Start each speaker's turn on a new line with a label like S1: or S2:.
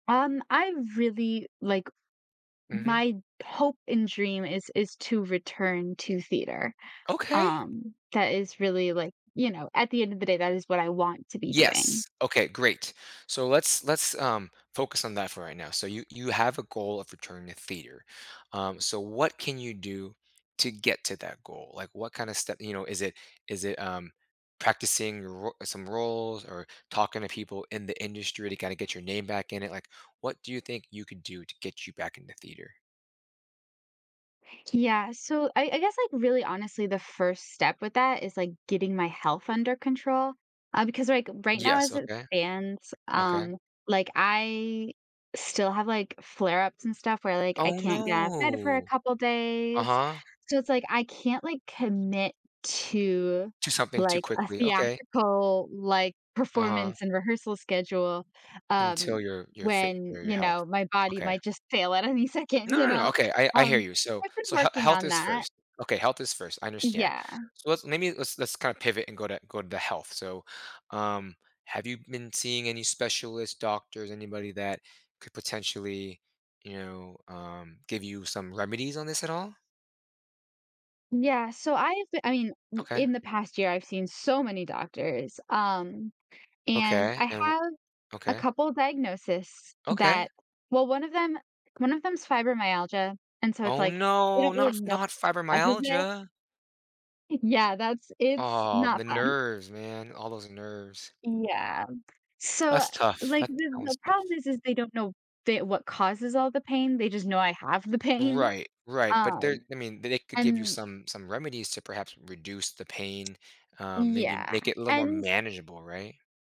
S1: Um, I really, like
S2: Mhm.
S1: my hope and dream is is to return to theater.
S2: Okay.
S1: Um, that is really, like you know, at the end of the day, that is what I want to be doing.
S2: Yes. Okay, great. So, let's let's, um, focus on that for right now. So, you you have a goal of returning to theater, um, so what can you do to get to that goal? Like, what kinda step you know, is it is it, um, practicing ro some roles or talking to people in the industry to kinda get your name back in it? Like, what do you think you could do to get you back in the theater?
S1: Yeah. So, I I guess, like, really honestly, the first step with that is, like, getting my health under control, uh, because, like, right now
S2: Yes,
S1: as it
S2: okay.
S1: stands,
S2: Okay.
S1: um, like, I still have, like, flare ups and stuff where, like, I
S2: Oh,
S1: can't get out of bed for a
S2: no.
S1: couple days.
S2: Uh-huh.
S1: So it's like, I can't, like, commit to,
S2: Do something too
S1: like, a
S2: quickly. Okay.
S1: theatrical, like,
S2: Uh-huh.
S1: performance and rehearsal schedule, um,
S2: Until you're you're fit
S1: when,
S2: for your
S1: you
S2: health.
S1: know, my body
S2: Okay.
S1: might just fail at any second,
S2: No,
S1: you
S2: no, no.
S1: know?
S2: Okay, I I hear
S1: Um,
S2: you. So
S1: I've been
S2: so he
S1: working
S2: health
S1: on
S2: is
S1: that.
S2: first. Okay, health is first, I understand.
S1: Yeah.
S2: So, let's lemme let's let's kinda pivot and go to go to the health. So, um, have you been seeing any specialist, doctors, anybody that could potentially, you know, um, give you some remedies on this at all?
S1: Yeah, so I've I mean, m
S2: Okay.
S1: in the past year, I've seen so many doctors, um, and
S2: Okay,
S1: I
S2: and w
S1: have a
S2: Okay.
S1: couple diagnosis
S2: Okay.
S1: that well, one of them one of them's fibromyalgia, and so it's
S2: Oh,
S1: like, they
S2: no.
S1: don't
S2: Not
S1: really know
S2: not
S1: causes it.
S2: fibromyalgia.
S1: I yeah. That's it's
S2: Aw, the
S1: not fun.
S2: nerves, man. All those nerves.
S1: Yeah. So,
S2: That's tough.
S1: like,
S2: That
S1: the the
S2: sounds
S1: problem
S2: tough.
S1: is is they don't know the what causes all the pain, they just know I have the pain,
S2: Right, right, but there
S1: um,
S2: I mean, th they could give you
S1: and
S2: some some remedies to perhaps reduce the pain, um, maybe
S1: Yeah.
S2: make it a little more
S1: And
S2: manageable, right?